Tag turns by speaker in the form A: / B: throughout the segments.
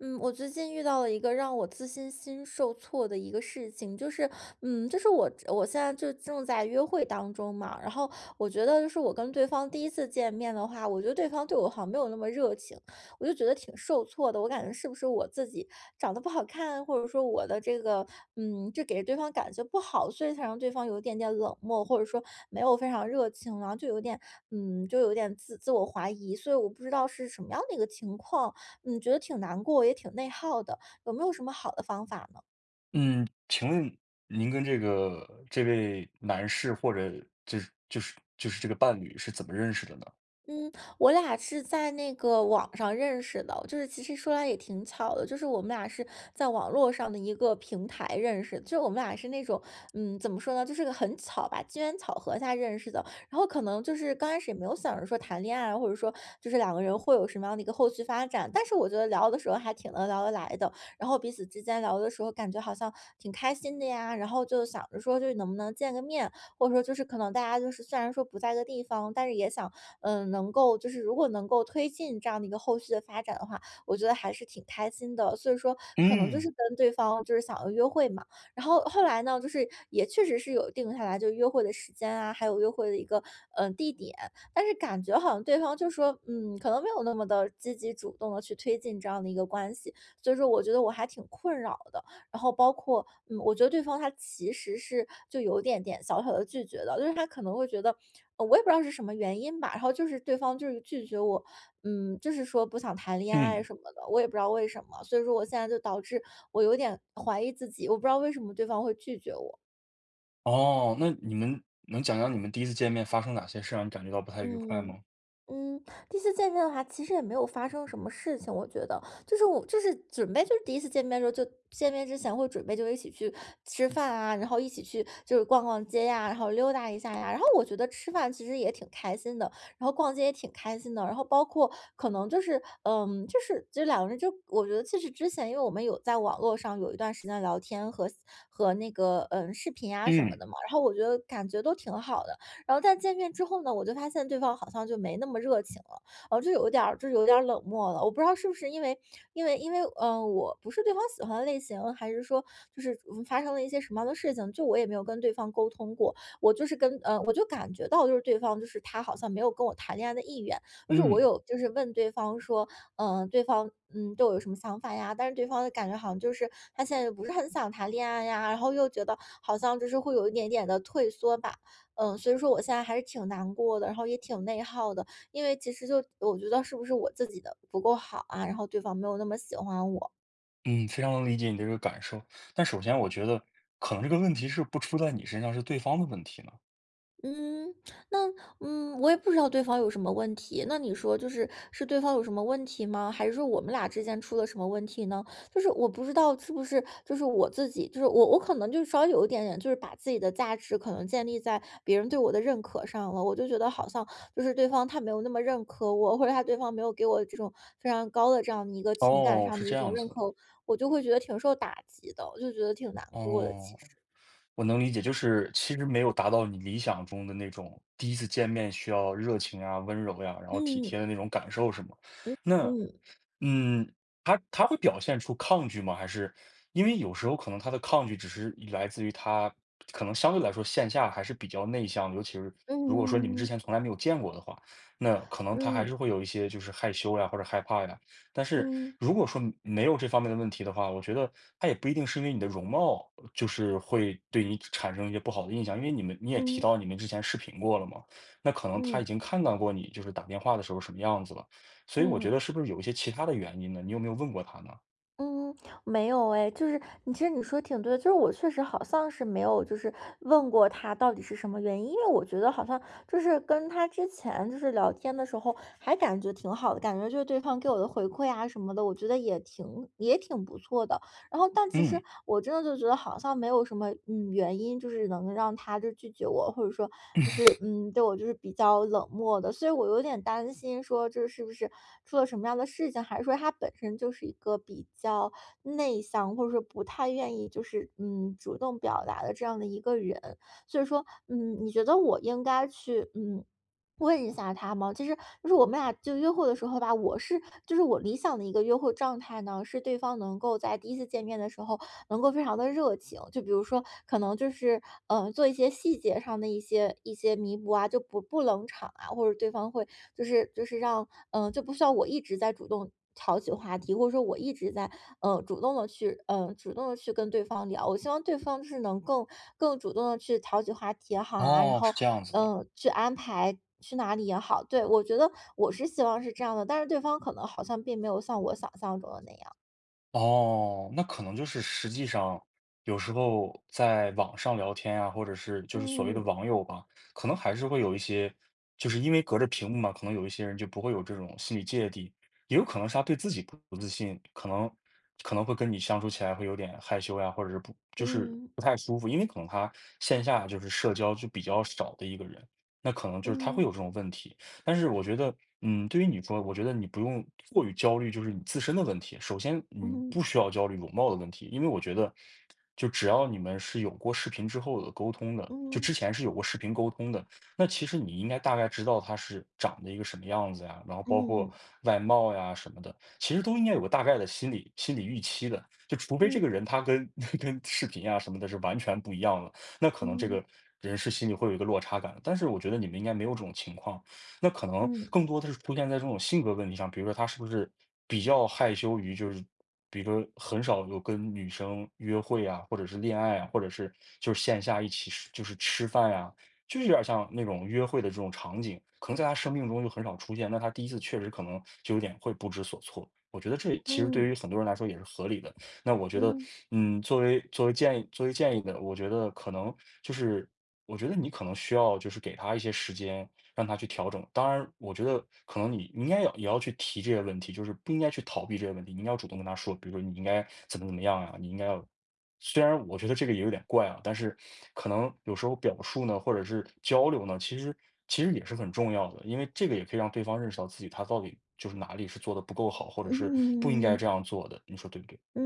A: 嗯，我最近遇到了一个让我自信心受挫的一个事情，就是嗯就是我我现在就正在约会当中嘛，然后我觉得是我跟对方第1次见面的话，我觉得对方对我好像没有那么热情，我就觉得挺受挫的。我感觉是不是我自己长得不好看，或者说我的这个嗯就给对方感觉不好，所以才让对方有一点点冷漠，或者说没有非常热情。然后就有点嗯就有点自自我怀疑，所以我不知道是什么样的一个情况，嗯，觉得挺难过，也挺内耗的，有没有什么好的方法呢？
B: 嗯，请问您跟这个这位男士或者就是就是就是这个伴侣是怎么认识的呢？
A: 嗯，我俩是在那个网上认识的，就是其实说来也挺巧的，就是我们俩是在网络上的一个平台认识，就是我们俩是那种，嗯，怎么说呢，就是个很巧吧，机缘巧合才认识的。然后可能就是刚开始，也没有想着说谈恋爱啊，或者说就是两个人，会有什么样的一个后续发展。但是我觉得聊的时候还挺能聊得来的，然后彼此之间聊的时候，感觉好像挺开心的呀，然后就想着说就能不能见个面。或者说就是可能大家就是虽然说不在一个地方，但是也想，嗯，能够就是如果能够推进这样的一个后续的发展的话，我觉得还是挺开心的，所以说可能就是
B: 嗯。
A: 跟对方，就是想要约会嘛。然后后来呢，就是也确实是有定下来，就约会的时间啊，还有约会的一个，呃，地点，但是感觉好像对方就说，嗯，可能没有那么地积极主动地去推进这样的一个关系。所以说我觉得我还挺困扰的，然后包括，嗯，我觉得对方他其实是就有一点点小小地拒绝的，就是他可能会觉得呃，我也不知道是什么原因吧，然后就是对方就是拒绝我，嗯，就是说：“不想谈恋爱
B: 嗯。
A: 什么的，”我也不知道为什么。所以说我现在就导致我有点怀疑自己，我不知道为什么对方会拒绝我。
B: 哦，那你能能讲讲你们第一次见面，发生哪些事儿，让你感觉到不太愉快
A: 嗯。
B: 吗？
A: 嗯，第一次见面的话，其实也没有发生什么事情，我觉得，就是我就是准备就是第一次见面的时候，就见面之前会准备就一起去吃饭啊，然后一起去，就是逛逛街呀，然后溜达一下呀。然后我觉得吃饭，其实也挺开心的，然后逛街也挺开心的，然后包括可能就是，嗯，就是就是两个人就我觉得其实之前因为我们有在网络上，有一段时间聊天和和那个，嗯，视频啊什么
B: 嗯。
A: 的嘛，然后我觉得感觉都挺好的。然后但见面之后呢，我就发现对方好像就没那么热情了，然后就有点儿就有点儿冷漠了，我不知道是不是因为 因为因为，呃，我不是对方喜欢的类型，还是说就是发生了一些什么样的事情，就我也没有跟对方沟通过，我就是跟呃，我就感觉到就是，对方就是他好像没有跟我谈恋爱的意愿，就是我
B: 嗯。
A: 有就是问对方说嗯对方嗯：’‘对我有什么想法呀。’‘但是对方的感觉好像就是，他现在不是很想谈恋爱呀，然后又觉得，好像就是会有一点点地退缩吧。嗯，所以说我现在还是挺难过的，然后也挺内耗的，因为其实就我觉得是不是我自己的不够好啊，然后对方没有那么喜欢我。
B: 嗯，非常能理解你的这个感受，但首先我觉得，可能这个问题是不出在你身上，是对方的问题呢。
A: 嗯，那，嗯，我也不知道对方有什么问题，那你说就是，是对方有什么问题吗？还是说我们俩之间出了什么问题呢？就是我不知道，是不是就是我自己，就是我我可能就是稍微有一点点，就是把自己的价值可能建立在别人对我的认可上了，我就觉得好像，就是对方他没有那么认可我，或者他对方没有给我这种，非常高的这样一个情感
B: 哦，
A: 上
B: 是
A: 的一
B: 这
A: 种
B: 样
A: 认
B: 子的。
A: 可，我就会觉得挺受打击的，我就觉得挺难过的其
B: 哦，
A: 实。
B: 我能理解，就是其实没有达到你理想中的那种，第一次见面需要热情啊、温柔呀，然后体贴
A: 嗯。
B: 的那种感受是么？
A: 嗯
B: 那，
A: 嗯。
B: 嗯，他他会表现出抗拒吗？还是，因为有时候可能他的抗拒只是来自于他可能相对来说线下还是比较内向，尤其是如果说你们之
A: 嗯。
B: 前从来没有见过的话，那可能他还
A: 嗯。
B: 是会有一些，就是害羞呀，或者害怕呀。但是，
A: 嗯。
B: 如果说没有这方面的问题的话，我觉得他也不一定是因为你的容貌，就是会对你产产生一些不好的印象，因为你们你也提
A: 嗯。
B: 到你们之前视频过了嘛，那可能他已
A: 嗯。
B: 经看到过你就是打电话的时候什么样子了。所以我觉
A: 嗯。
B: 得，是不是有一些其他的原因呢，你有没有问过他呢？
A: 嗯，没有哎，就是你其实你说的挺对的，就是我确实好像是没有，就是问过他到底是什么原因。因为我觉得好像就是跟他之前，就是聊天的时候，还感觉挺好的，感觉就是对方给我的回馈啊什么的，我觉得也挺也挺不错的。然后，但其实
B: 嗯。
A: 我真的就觉得好像没有什么，嗯，原因，就是能让他就是拒绝我，或者说就是，嗯，对我就是比较冷漠的。所以我有点担心说这是不是出了什么样的事情，还是说他本身就是一个比较内向，或者说不太愿意就是，嗯，主动表达的这样的一个人。所以说，嗯，你觉得我应该去，嗯，问一下他吗？其实就是我们俩就约会的时候吧，我是就是我理想的一个约会状态呢，是对方能够在第一次见面的时候，能够非常地热情，就比如说可能就是，呃，做一些细节上的一些一些弥补啊，就不不冷场啊，或者对方会就是就是让，嗯，就不需要我一直在主动挑起话题，或者说我一直在，嗯，主动地去嗯，主动地去跟对方聊。我希望对方是能够更主动地去调起话题也好啊，然
B: 哦，是
A: 后
B: 这样子的。
A: 嗯，去安排去哪里也好对，我觉得我是希望是这样的，但是对方可能好像并没有像我想象中的那样。
B: 哦，那可能就是实际上，有时候在网上聊天啊，或者是，就是所谓的
A: 嗯。
B: 网友吧，可能还是会有一些就是因为隔着屏幕嘛，可能有一些人就不会有这种心理芥蒂。也有可能是他对自己不不自信，可能可能会跟你相处起来会有点害羞呀，或者是不就是
A: 嗯。
B: 不太舒服。因为可能他线下，就是社交就比较少的一个人，那可能就是他会有这
A: 嗯。
B: 种问题。但是我觉得，嗯，对于你说，我觉得你不用过于焦虑，就是你自身的问题。首先，你
A: 嗯。
B: 不需要焦虑容貌的问题，因为我觉得，就只要你们是有过视频之后的沟通的，就
A: 嗯。
B: 之前是有过视频沟通的，那其实你应该大概知道他是长得一个什么样子呀，然后包括
A: 嗯。
B: 外貌呀什么的，其实都应该有个大概的心理心理预期的。就除非
A: 嗯。
B: 这个人他跟跟视频啊什么的，是完全不一样的。那可能这
A: 嗯。
B: 个，人是心里会有一个落差感的。但是我觉得你们应该没有这种情况，那可能
A: 嗯。
B: 更多的是出现在这种性格问题上。比如说他是不是比较害羞于就是比如说很少有跟女生约会呀，或者是恋爱啊，或者是就是线下一起，就是吃饭呀，就有点儿像那种约会的这种场景，可能在他生命中就很少出现，那他第一次确实可能，就有点会不知所措。我觉得这其实对于
A: 嗯。
B: 很多人来说，也是合理的，那我觉得，
A: 嗯。
B: 嗯，作为作为建议作为建议呢，我觉得可能就是，我觉得你可能需要就是给他一些时间，让他去调整，当然我觉得可能你，你应该要也要去提这些问题，就是不应该去逃避这些问题。你应该要主动跟他说，比如你应该怎么怎么样啊，你应该要虽然我觉得这个也有点怪啊，但是可能有时候表述呢，或者是交流呢，其实其实也是很重要的，因为这个也可以让对方认识到，自己他到底就是哪里是做得不够好，或者是不应该这
A: 嗯。
B: 样做的，你说对不对？
A: 嗯，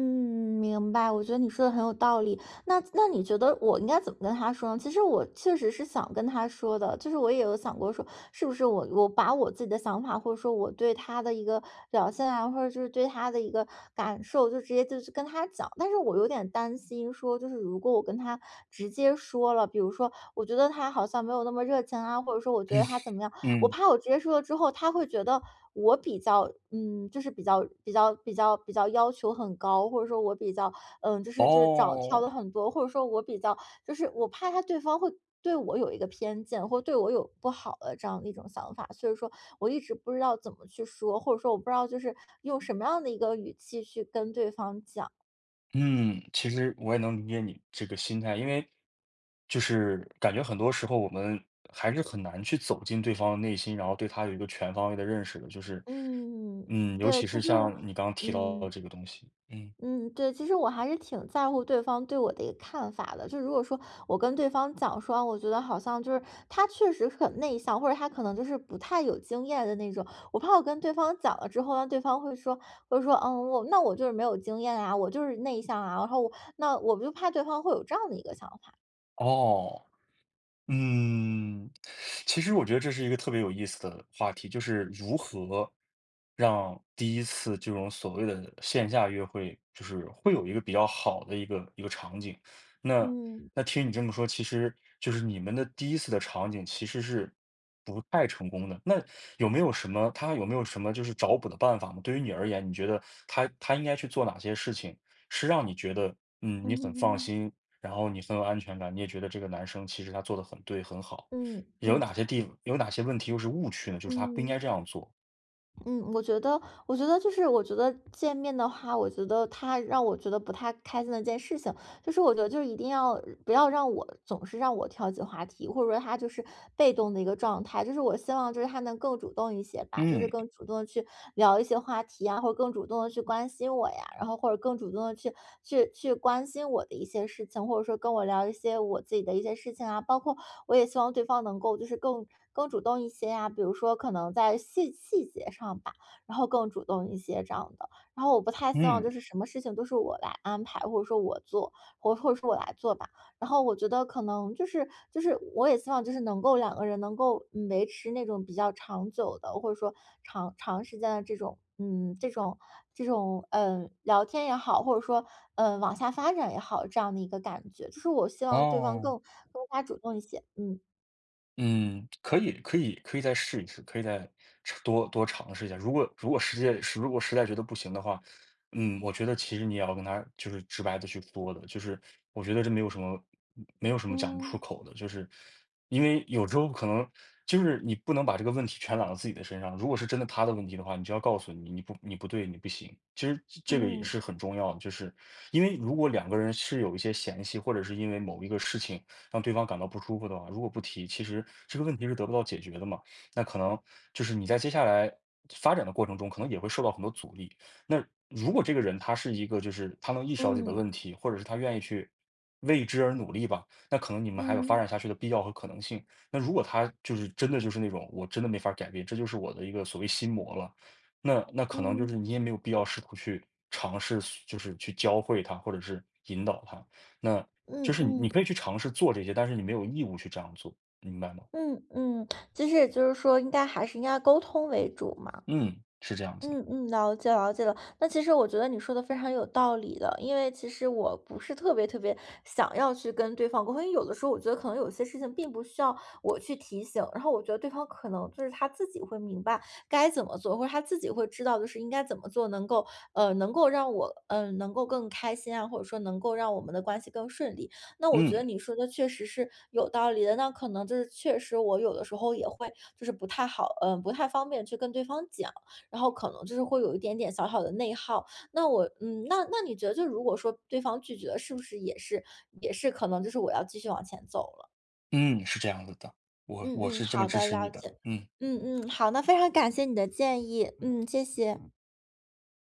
A: 明白。我觉得你说的很有道理，那那你觉得我应该怎么跟他说呢？其实我确实是想跟他说的，就是我也有想过说，是不是我我把我自己的想法，或者说我对他的一个表现啊，或者就是对他的一个感受，就直接就去跟他讲。但是我有点担心说，就是如果我跟他直接说了，比如说我觉得他好像没有那么热情啊，或者说，我觉 得他怎么样，我
B: 嗯。
A: 怕我直接说了之后，他会觉得我比较嗯，就是比较比较比较比较要求很高，或者说我比较，嗯，就是就是找挑了
B: 哦。
A: 很多，或者说我比较就是我怕他对方会对我有一个偏见，或对我有不好的这样的一种想法。所以说我一直不知道怎么去说，或者说我不知道，就是用什么样的一个语气去跟对方讲。
B: 嗯，其实我也能理解你这个心态，因为就是感觉很多时候我们还是很难去走进对方的内心，然后对他有一个全方位的认识的，就是
A: 嗯。
B: 嗯，尤
A: 对，
B: 其
A: 其
B: 是
A: 实我
B: 像你刚刚提到
A: 嗯。
B: 这个东西，嗯。
A: 嗯，对，其实我还是挺在乎对方对我的一个看法的。就如果说，我跟对方讲说，哦，我觉得好像就是，他确实很内向，或者他可能就是不太有经验的那种，我怕我跟对方讲了之后，那对方会说，会说：”嗯，我那我就是没有经验啊，我就是内向啊。“然后我那我就怕对方会有这样的一个想法。
B: 哦，嗯，其实我觉得这是一个特别有意思的话题，就是如何让第1次这种所谓的线下约会，就是会有一个比较好的一个一个场景，那
A: 嗯。
B: 那听你这么说，其实就是你们的第1次的场景其实是不太成功的，那有没有什么他有没有什么就是找补的办法吗？对于你而言，你觉得他他应该去做哪些事情，是让你觉得，嗯，
A: 嗯
B: 你很放
A: 嗯。
B: 心，然后你很有安全感，你也觉得这个男生其实他做得很对、很好。
A: 嗯，
B: 有
A: 嗯
B: 哪些地有哪些问题又是误区呢？就是他不应
A: 嗯。
B: 该这样做。
A: 嗯，我觉得我觉得就是我觉得见面的话，我觉得他让我觉得不太开心的一件事情，就是我觉得，就是一定要不要让我总是让我挑起话题，或者说他就是被动的一个状态。就是我希望，就是，他能更主动一些吧，就是
B: 嗯。
A: 更主动地去聊一些话题呀，或者更主动地去关心我呀，然后或者更主动地去去去关心我的一些事情，或者说跟我聊一些我自己的一些事情啊，包括我也希望对方能够就是更更主动一些呀。比如说可能在细细节上吧，然后更主动一些这样的。然后我不太希望
B: 嗯。
A: 就是什么事情都是我来安排，或者说我做，或或者说我来做吧。然后我觉得可能就是就是我也希望就是能够2个人能够，嗯，维持那种比较长久的，或者说长长时间的这种，嗯，这种这种，嗯，聊天也好，或者说，嗯，往下发展也好，这样的一个感觉。就是我希望对方
B: 哦。
A: 更更加主动一些，嗯。
B: 嗯，可以可以可以再试一试，可以再尝多多尝试一下，如果如果实在如果实在觉得不行的话，嗯，我觉得其实你也要跟他，就是直白地去说的，就是我觉得这没有什么没没有什么讲不出
A: 嗯。
B: 口的。就是，因为有时候可能，就是你不能把这个问题全揽到自己的身上，如果是真的他的问题的话，你就要告诉：”你你不你不对，你不行。“其实这这个也
A: 嗯。
B: 是很重要的，就是，因为如果2个人是有一些嫌隙，或者是因为某一个事情让对方感到不舒服的话，如果不提，其实这个问题是得不到解决的嘛。那可能就是你在接下来发展的过程中可能也会受到很多阻力。那如果这个人他是一个，就是，他能意识到自己的
A: 嗯。
B: 问题，或者是他愿意去为之而努力吧，那可能你们还有发
A: 嗯。
B: 展下去的必要和可能性。那如果他就是真的就是那种我真的没法儿改变，这就是我的一个所谓心魔了，那那可能就是
A: 嗯。
B: 你也没有必要试图去尝试，就是去教会他或者是引导他，那就
A: 嗯
B: 是
A: 嗯。
B: 你可以去尝试做这些，但是你没有义务去这样做，明白吗？
A: 嗯，嗯。其实也就是说应该还是应该要沟通为主嘛。
B: 嗯，是这样子。
A: 嗯，嗯，了解了解了。那其实我觉得你说的非常有道理的，因为其实我不是特别特别想要去跟对方沟通，因为有的时候我觉得可能有些事情并不需要我去提醒，然后我觉得对方可能就是他自己会明白，该怎么做，或者他自己会知道就是应该怎么做能够，嗯，能够让我，嗯，能够更开心啊，或者说能够让我们的关系更顺利。那我觉得
B: 嗯。
A: 你说的确实是有道理的，那可能就是确实我有的时候也会，就是不太好，嗯，不太方便去跟对方讲，然后可能就是会有一点点小小的内耗。那我嗯，那那你觉得如果说对方拒绝了，是不是也是也是可能就是我要继续往前走了。
B: 嗯，是这样子的，我
A: 嗯
B: 我
A: 嗯，
B: 是这么
A: 好
B: 支
A: 的，
B: 持你
A: 了
B: 的，
A: 解。
B: 嗯。
A: 嗯嗯，好，那非常感谢你的建议。嗯，谢谢。